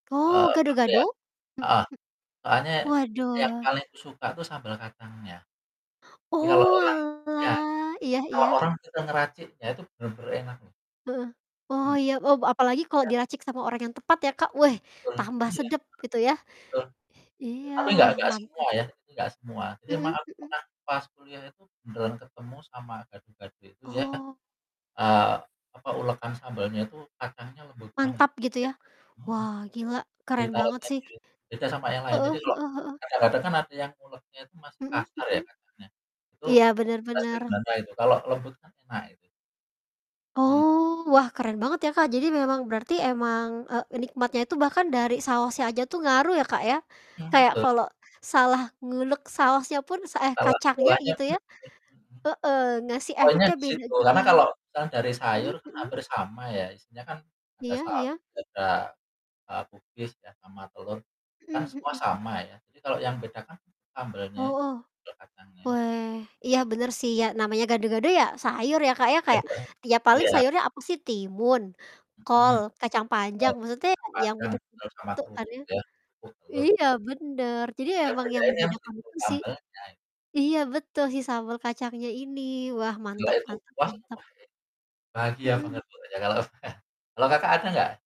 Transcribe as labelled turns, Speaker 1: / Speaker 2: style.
Speaker 1: Oh,
Speaker 2: Eee, apa ya.
Speaker 1: gado-gado? Mhm.
Speaker 2: Heeh. Soalnya yang
Speaker 1: Waduh
Speaker 2: palingku suka tuh sambal kacangnya. Jadi kalau orang iya,
Speaker 1: Oalah, iya
Speaker 2: kalau orang
Speaker 1: iya.
Speaker 2: suka ngeraciknya itu benar-benar enak.
Speaker 1: Heeh. Oh,
Speaker 2: Mhm.
Speaker 1: iya, Oh, b apalagi kalau
Speaker 2: Iya kan?
Speaker 1: diracik sama orang yang tepat ya, Kak, weh,
Speaker 2: Betul.
Speaker 1: tambah
Speaker 2: Iya. Heeh.
Speaker 1: sedap gitu yah.
Speaker 2: Betul.
Speaker 1: I iya
Speaker 2: Tapi enggak
Speaker 1: wah
Speaker 2: enggak
Speaker 1: mantap.
Speaker 2: semua ya, enggak semua, tapi emang
Speaker 1: Mhm
Speaker 2: aku
Speaker 1: mhm.
Speaker 2: pernah pas kuliah itu benaran ketemu sama gado-gado itu dia,
Speaker 1: Oh.
Speaker 2: eee, apa, ulekan sambalnya itu kacangnya lembut banget.
Speaker 1: Mantap gitu ya.
Speaker 2: Beda, mhm.
Speaker 1: Wah, gila
Speaker 2: Jadi
Speaker 1: keren banget
Speaker 2: saosnya
Speaker 1: sih.
Speaker 2: dia beda sama yang lain,
Speaker 1: Heeh
Speaker 2: jadi kalau
Speaker 1: heeh heeh.
Speaker 2: kadang-kadang kan ada yang nguleknya itu masih
Speaker 1: Mhm
Speaker 2: kasar ya
Speaker 1: mhm.
Speaker 2: kacangnya, itu
Speaker 1: Iya benar
Speaker 2: rasanya
Speaker 1: benar.
Speaker 2: gimana gitu, kalau lembut kan enak itu. Mhm.
Speaker 1: Oh, wah, keren banget ya, Kak. Jadi memang berarti emang, eee, nikmatnya itu bahkan dari saosnya aja tuh ngaruh ya, Kak, ya,
Speaker 2: Mmm,
Speaker 1: kayak
Speaker 2: betul.
Speaker 1: kalau salah ngulek saosnya pun se eh,
Speaker 2: Kalau
Speaker 1: kacangnya
Speaker 2: kuahnya
Speaker 1: gitu ya
Speaker 2: tuh mhm.
Speaker 1: heeh, ngasih
Speaker 2: Poinnya
Speaker 1: efeknya
Speaker 2: di
Speaker 1: beda
Speaker 2: situ
Speaker 1: juga.
Speaker 2: karena kalau itu kan dari
Speaker 1: Mmm,
Speaker 2: sayur
Speaker 1: mhm.
Speaker 2: hampir sama ya, isinya kan ada
Speaker 1: Iya
Speaker 2: sawi
Speaker 1: iya.
Speaker 2: juga, eee, kubis ya sama telur, itu kan
Speaker 1: Mhm
Speaker 2: semua
Speaker 1: mhm.
Speaker 2: sama ya, jadi kalau yang beda kan sambelnya itu,
Speaker 1: Hooh.
Speaker 2: sambel kacangnya i
Speaker 1: Weh, iya benar sih, ya namanya gado-gado ya sayur ya, Kak, ya
Speaker 2: Ya, iya.
Speaker 1: kayak ti ya paling
Speaker 2: Iya.
Speaker 1: sayurnya apa sih, timun, kol,
Speaker 2: Mhm.
Speaker 1: kacang panjang,
Speaker 2: Kol,
Speaker 1: maksudnya
Speaker 2: kacang
Speaker 1: ya yang
Speaker 2: panjang,
Speaker 1: betu
Speaker 2: telur, sama
Speaker 1: begitu kan
Speaker 2: kerupuk
Speaker 1: ya.
Speaker 2: ya, kerupuk telur.
Speaker 1: Iya benar jadi ya
Speaker 2: Yang
Speaker 1: emang yang
Speaker 2: bedainnya
Speaker 1: membedakan
Speaker 2: justru
Speaker 1: itu sih.
Speaker 2: sambelnya.
Speaker 1: Iya betul si sambal kacangnya ini, wah,
Speaker 2: Gila
Speaker 1: mantap
Speaker 2: itu,
Speaker 1: mantap
Speaker 2: wah, itu
Speaker 1: mantap.
Speaker 2: pasti bahagia
Speaker 1: Mhm.
Speaker 2: banget pokoknya kalau saya. Kalau Kakak ada enggak?